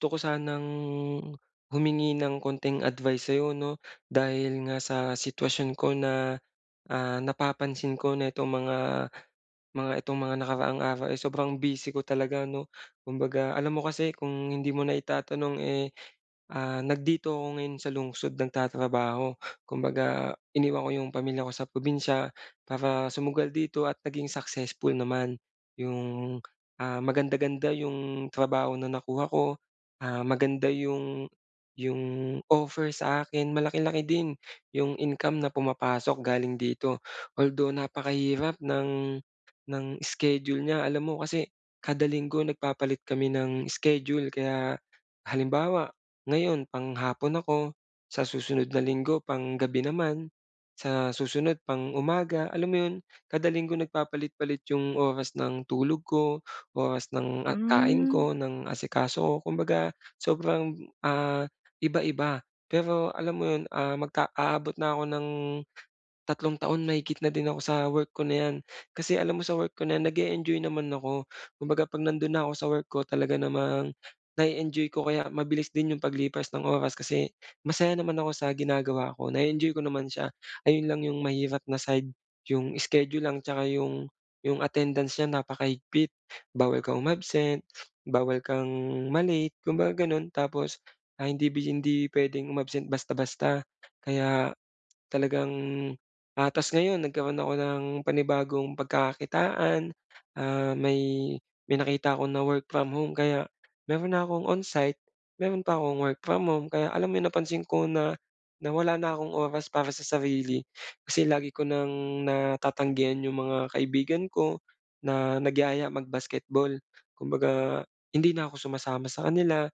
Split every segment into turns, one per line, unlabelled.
Gusto ko sanang humingi ng konting advice sa'yo 'no, dahil nga sa sitwasyon ko na, ah, napapansin ko na itong mga, mga itong mga nakaraang araw ay sobrang busy ko talaga 'no. Kumbaga, alam mo kasi kung hindi mo naitatanong, eh, ah, nag dito ako ngayon sa lungsod nagtatrabaho. Kumbaga, iniwan ko 'yong pamilya ko sa probinsiya para sumugal dito at naging successful naman 'yong, ah, maganda-ganda 'yong trabaho na nakuha ko, um, maganda 'yong 'yong offer sa akin, malaki-laki din 'yong income na pumapasok galing dito. Although napakahirap ng, ng schedule niya. Alam mo kasi kada Linggo nagpapalit kami ng schedule kaya halimbawa, ngayon panghapon ako, sa susunod na Linggo pang gabi naman, sa susunod pang umaga, alam mo 'yon? Kada linggo nagpapalit-palit 'yong oras ng tulog ko, oras ng kain
Hmm.
ko, ng asikaso ko. Kumbaga sobrang, ah, iba-iba, pero alam mo 'yon, ah, magka aabot na ako ng 3 taon mahigit na din ako sa work ko na 'yan. Kasi alam mo sa work ko na 'yan nag-e-enjoy naman ako. Kumbaga 'pag nando'n na ako sa work ko talaga namang na-e-enjoy ko kaya mabilis din 'yong paglipas ng oras kasi masaya naman ako sa ginagawa ko, na-e-enjoy ko naman siya. Ayun lang 'yong mahirap na side, 'yong schedule lang 'tsaka 'yong, 'yong attendance niya napakahigpit. Bawal kang umabsent, bawal kang ma-late, kumbaga gano'n. Tapos, ah, hindi bi hindi puwedeng umabsent basta-basta kaya talagang ah, tapos ngayon nagkaro'n ako ng panibagong pagkakakitaan. Ah, may, may nakita ako na work from home kaya meron na akong onsite, meron pa akong work from home. Kaya alam mo 'yun napansin ko na, na wala na akong oras para sa sarili kasi lagi ko ng natatanggihan 'yong mga kaibigan ko na nagyaya mag-basketball. Kumbaga hindi na ko sumasama sa kanila,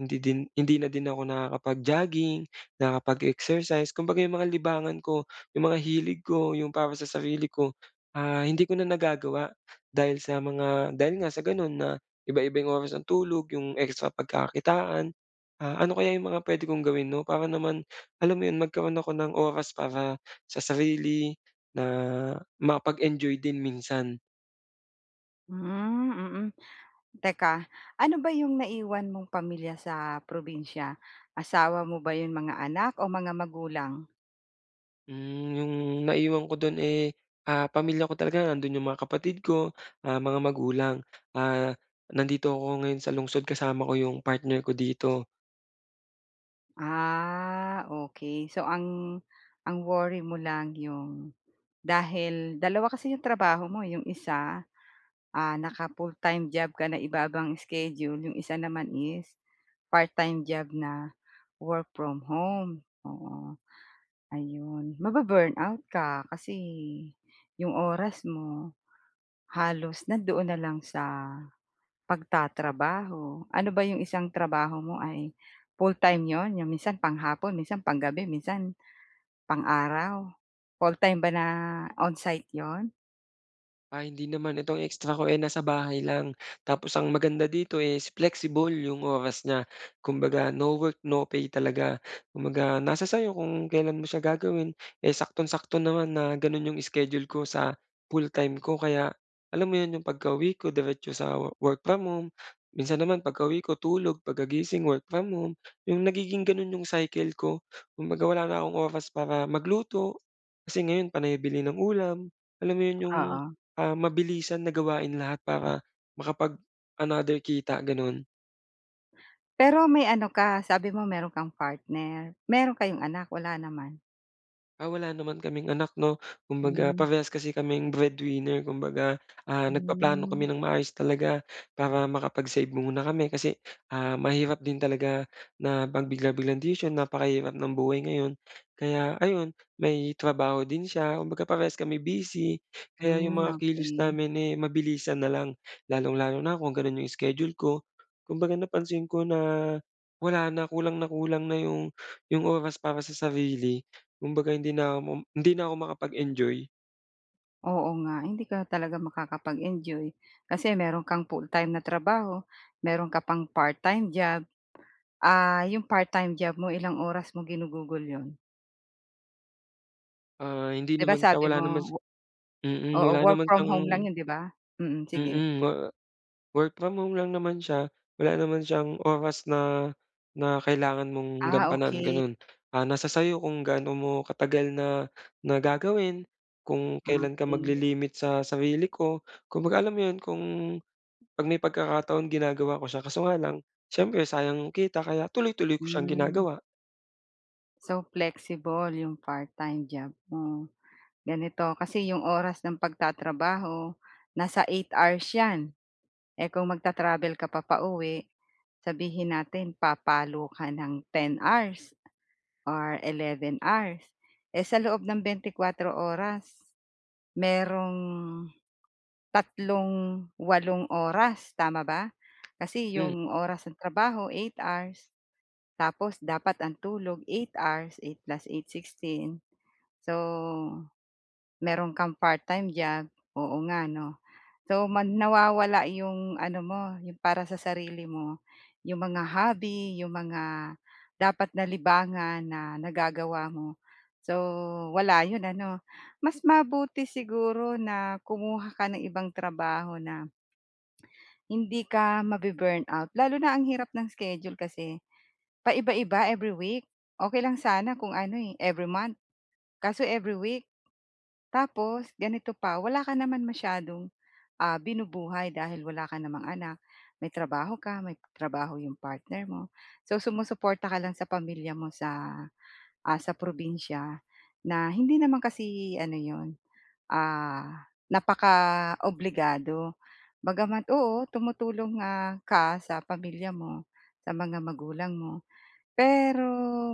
hindi din hindi na din ako nakakapag-jogging, nakakapag-exercise. Kumbaga 'yong mga libangan ko, yung mga hilig ko, yung para sa sarili ko, ah, hindi ko na nagagawa dahil sa mga dahil nga sa gano'n na iba-iba yung oras ng tulog, 'yong extra pagkakakitaan. Ah, ano kaya yung mga puwede kong gawin 'no, para naman alam mo 'yun, magkaro'n ako ng oras para sa sarili, na makapag-enjoy din minsan?
Mm, mm. Teka ano ba 'yong naiwan mong pamilya sa probinsya? Asawa mo ba 'yon, mga anak o mga magulang?
Hmm, 'yong naiwan ko do'n, eh, ah, pamilya ko talaga, nando'n 'yong mga kapatid ko, ah, mga magulang. Ah, nandito ako ngayon sa lungsod kasama ko 'yong partner ko dito.
Ah, okey. So ang ang worry mo lang 'yong dahil 2 kasi 'yong trabaho mo 'yong isa, ah, naka-full-time job ka na iba-ibang schedule, 'yong isa naman is part-time job na work from home, oo. Ayon, mabu-burn out ka kasi, 'yong oras mo, halos nandoon na lang sa pagtatrabaho. Ano ba 'yong isang trabaho mo ay, full-time 'yon 'yong minsan panghapon, minsan pang-gabi, minsan pang-araw? Full-time ba na onsite 'yon?
Ah, hindi naman itong extra ko, eh, nasa bahay lang tapos ang maganda dito is flexible 'yong oras niya. Kumbaga no work, no pay talaga. Kumbaga nasa sa'yo kung kailan mo s'ya gagawin, eh, saktong-sakto naman na gano'n 'yong schedule ko sa full-time ko. Kaya alam mo 'yon 'yong pagkauwi ko diretso sa wo work from home. Minsan naman pagkauwi ko tulog, pagkagising work from home 'yong nagiging gano'n 'yong cycle ko. Kumbaga wala na akong oras para magluto, kasi ngayon panay bili ng ulam. Alam mo 'yon 'yong,
Oo.
ah, mabilisan na gawain lahat para makapag another kita gano'n.
Pero may ano ka, sabi mo mayro'n kang partner, mayro'n kayong anak? Wala naman?
Ah, wala naman kaming anak 'no, kumbaga
Hmm.
parehas kasi kaming breadwinner kumbaga. Ah, nagpaplano kami
Hmm.
ng maayos talaga para makapag-save muna kami kasi, ah, mahirap din talaga na pag bigla-biglang desisyon napakahirap ng buhay ngayon. Kaya ayun, may trabaho din siya kumbaga parehas kami busy, kaya 'yong
Hmm,
mga kilos
okey.
namin, eh, mabilisan na lang. Lalong-lalo na kung gano'n 'yong schedule ko. Kumbaga napansin ko na, wala na, kulang na kulang na 'yong, 'yong oras para sa sarili, kumbaga hindi na ko m hindi na ako makapag-enjoy.
Oo nga, hindi ka talaga makakapag-enjoy kasi mayro'n kang full-time na trabaho, mayro'n ka pang part-time job. Ah, 'yong part-time job mo ilang oras mo ginugugol 'yon?
Ah, hindi
'Di ba
naman siya,
sabi
wala
mo
naman siya
wo
mm,
oo,
wala
work
naman
from
siyang
home lang 'yon 'di ba? Mm, sige.
Mm, wor work from home lang naman siya, wala naman siyang oras na, na kailangan mong
Ah,
gampanan
okey.
gano'n. Ah, nasa sa'yo kung gaano mo katagal na na gagawin, kung kailan ka
Okey.
magli-limit sa sarili ko, kumbaga alam mo 'yon kung 'pag may pagkakataon ginagawa ko siya kaso nga lang, siyempre sayang yung kita kaya tuloy-tuloy ko siyang
Hmm.
ginagawa.
So flexible 'yong part-time job mo. Ganito, kasi 'yong oras ng pagtatrabaho nasa 8 hours 'yan. Eh, kung mag-tra-travel ka pa pauwi, sabihin natin papalo ka ng 10 hours or 11 hours. Eh, sa loob ng 24 oras, mayrong tatlong 8 oras, tama ba? Kasi
Hmm.
'yong oras ng trabaho 8 hours, tapos dapat ang tulog 8 hours, 8 + 8, 16 So, mayro'n kang part-time job, oo nga 'no, so man nawawala 'yong ano mo 'yong para sa sarili mo. Iyong mga hobby, 'yong mga dapat na libangan na nagagawa mo. So wala 'yon ano? Mas mabuti siguro na kumuha ka ng ibang trabaho na hindi ka ma-bu-burn out. Lalo na ang hirap ng schedule kasi, paiba-iba every week. Okey lang sana kung ano, eh, every month, kaso every week. Tapos ganito pa, wala ka naman masyadong, ah, binubuhay dahil wala ka namang anak, may trabaho ka may trabaho 'yong partner mo, so sumusuporta ka lang sa pamilya mo sa, ah, sa probinsiya. Na hindi naman kasi ano 'yon, ah, napaka-obligado bagama't oo tumutulong nga ka sa pamilya mo, sa mga magulang mo, pero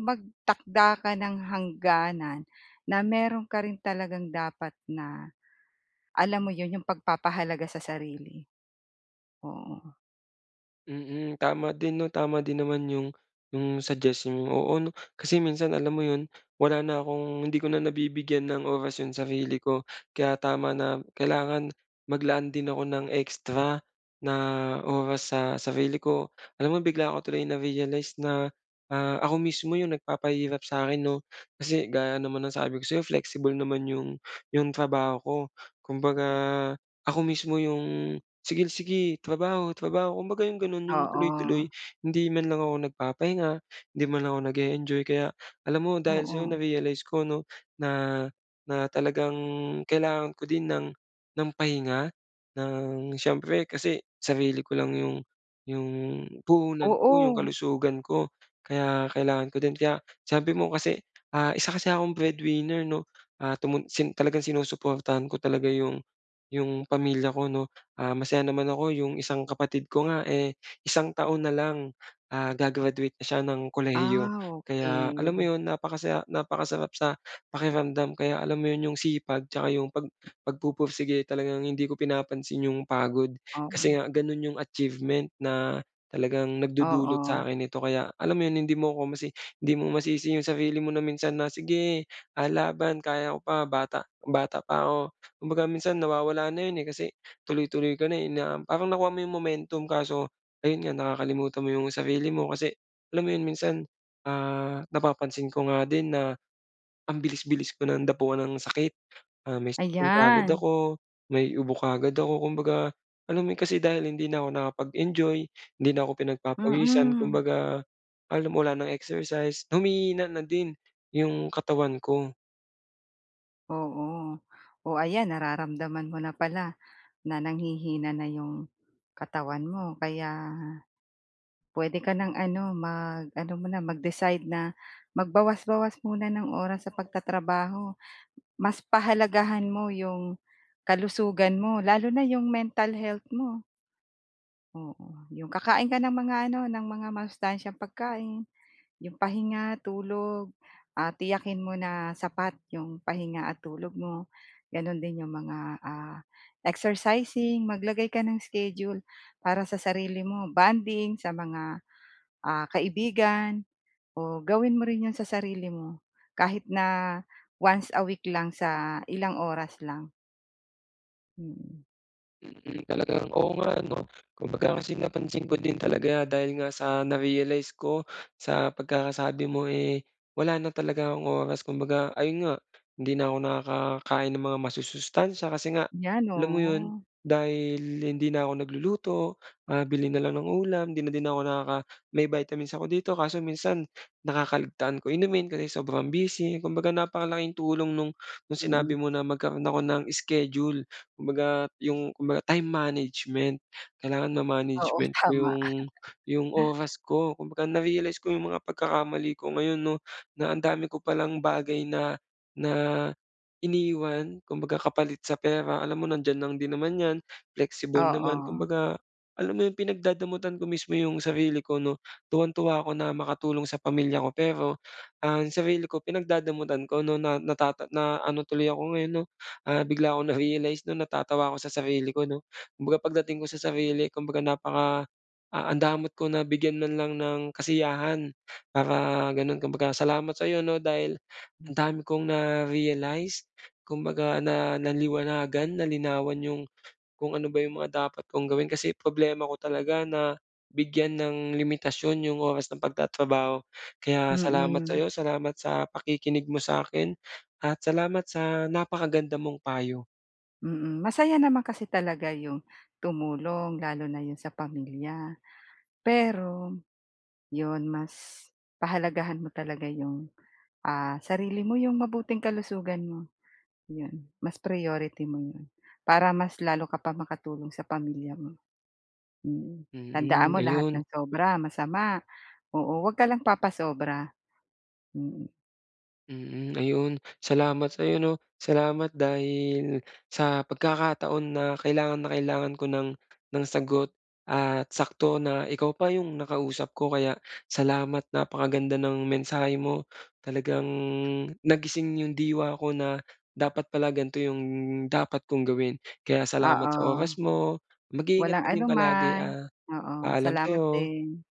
magtakda ka ng hangganan na meron ka rin talagang dapat na, alam mo yun, yung pagpapahalaga sa sarili. Oo.
Mm, tama din 'no, tama din naman 'yong 'yong suggestion mo. Oo 'no, kasi minsan alam mo 'yon wala na kong hindi ko na nabibigyan ng oras 'yong sarili ko, kaya tama na kailangan maglaan din ako ng extra na oras sa sarili ko. Alam mo bigla ko tuloy na-realize na, ah, ako mismo 'yong nagpapahirap sa'kin 'no, kasi gaya naman ng sabi ko sa'yo flexible naman 'yong 'yong trabaho ko, kumbaga ako mismo 'yong, "Sigel sige, trabaho, trabaho," kumbaga yung ganun yung tuloy-tuloy
Oo.
hindi man lang ako nagpapahinga, hindi man lang ako nag-e-enjoy, kaya alam mo dahil sa'yo
Oo.
narealize ko 'no, na, na talagang kailangan ko din ng ng pahinga, ng siyempre kasi sarili ko lang yung yung puhunan ko, yung
Oo.
kalusugan ko. Kaya kailangan ko din, kaya sabi mo kasi ah, isa kasi akong breadwinner 'no, ah, tumun sin talagang sinusuportahan ko talaga yung 'yong pamilya ko 'no. Ah, masaya naman ako, 'yong isang kapatid ko nga, eh, 1 taon na lang, ah, ga-graduate na siya ng
Ah,
kolehiyo. Kaya alam mo
okey.
'yon napakasaya napakasarap sa pakiramdam kaya alam mo 'yon 'yong sipag, 'tsaka 'yong pag pagpupursige, talagang hindi ko pinapansin 'yong pagod, kasi
Ah.
nga gano'n 'yong achievement na talagang nagdudulot
Oo.
sa'kin nito. Kaya alam mo 'yon hindi mo ko masi hindi mo masisi 'yung sarili mo na minsan na, "Sige, ah, laban kaya ko pa bata bata pa ako," kumbaga minsan nawawala na yun, eh, kasi tuloy-tuloy ka na, eh, na parang nakuha mo yung momentum kaso, ayun nga nakakalimutan mo yung sarili mo. Kasi alam mo 'yon minsan, ah, napapansin ko nga din na, ang bilis-bilis ko ng dapuan ng sakit, ah, may sipon kaagad
Ayan.
ako, may ubo kaagad ako, kumbaga alam mo kasi dahil hindi na ako nakapag-enjoy, hindi na ako pinagpapawisan,
Mm.
kumbaga alam mo wala ng exercise, humihina na din 'yung katawan ko.
Oo, o ayan, nararamdaman mo na pala, na nanghihina na 'yong katawan mo kaya puwede ka ng ano mag-ano mo na mag-decide na magbawas-bawas muna ng oras sa pagtatrabaho, mas pahalagahan mo 'yong kalusugan mo lalo na 'yong mental health mo. Oo, 'yong kakain ka ng mga ano, ng mga masustansyang pagkain, 'yong pahinga, tulog, ah, tiyakin mo na sapat 'yong pahinga at tulog mo, gano'n din 'yong mga, ah, exercising maglagay ka ng schedule para sa sarili mo, bonding sa mga, ah, kaibigan, o gawin mo rin 'yon sa sarili mo kahit na once a week lang sa ilang oras lang. Mm.
Mm, talagang oo nga 'no kumbaga kasi napansin ko din talaga dahil nga sa na-realize ko sa pagkakasabi mo, eh, wala na talaga akong oras kumbaga ayun nga, hindi na ako nakakakain ng mga masusustansiya kasi nga,
'Yan
alam mo 'yon
oo.
dahil hindi na ako nagluluto, ah, bili na lang ng ulam 'di na 'din na ako nakaka may vitamins ako dito kaso minsan, nakakaligtaan ko inumin kasi sobrang busy kumbaga napakalaking tulong no'ng nong sinabi
Mm.
mo na magkaroon ako ng schedule kumbaga 'yong kumbaga time management. Kailangan
Oo
ma-management ko
tama.
'yong 'yong oras ko kumbaga na-realize ko 'yong mga pagkakamali ko ngayon 'no, na ang dami ko palang bagay na na iniwan kumbaga kapalit sa pera alam mo nandiyan lang din naman 'yan, flexible naman
Oo.
kumbaga alam mo 'yong pinagdadamutan ko mismo 'yong sarili ko 'no, tuwang-tuwa ako na makatulong sa pamilya ko pero ang sarili ko pinagdadamutan ko 'no na nata na ano tuloy ako ngayon, 'no, ah, bigla ko na-realize 'no natatawa ako sa sarili ko 'no, kumbaga pagdating ko sa sarili kumbaga napaka ah, ang damot ko na bigyan man lang ng kasiyahan para gano'n kumbaga salamat sa 'yo 'no dahil, ang dami kong na-realize kumbaga na naliwanagan, nalinawan 'yong kung ano ba 'yong mga dapat kong gawin kasi problema ko talaga na bigyan ng limitasyon 'yong oras ng pagtatrabaho, kaya salamat sa
Mm.
'yo, salamat sa pakikinig mo sa akin at salamat sa napakaganda mong payo.
Mm, masaya naman kasi talaga 'yong tumulong lalo na 'yon sa pamilya, pero 'yon mas pahalagahan mo talaga 'yong, ah, sarili mo 'yong mabuting kalusugan mo. 'Yon, mas priority mo 'yon, para mas lalo ka pa makatulong sa pamilya mo. Mm, tandaan
Mhm,
mo lahat
ayun.
ng sobra masama, oo 'wag ka lang papasobra, mm.
Mm ayun, salamat sa 'yo 'no, salamat dahil sa pagkakataon na kailangan na kailangan ko ng ng sagot at sakto na ikaw pa 'yong nakausap ko, kaya salamat napakaganda ng mensahe mo, talagang nagising 'yong diwa ko na dapat pala ganito 'yong dapat kong gawin, kaya salamat
Oo,
sa oras mo, mag-iingat
walang
ka
ano
din palagi,
man,
ah,
oo.
paalam sa
Salamat
'yo.
din.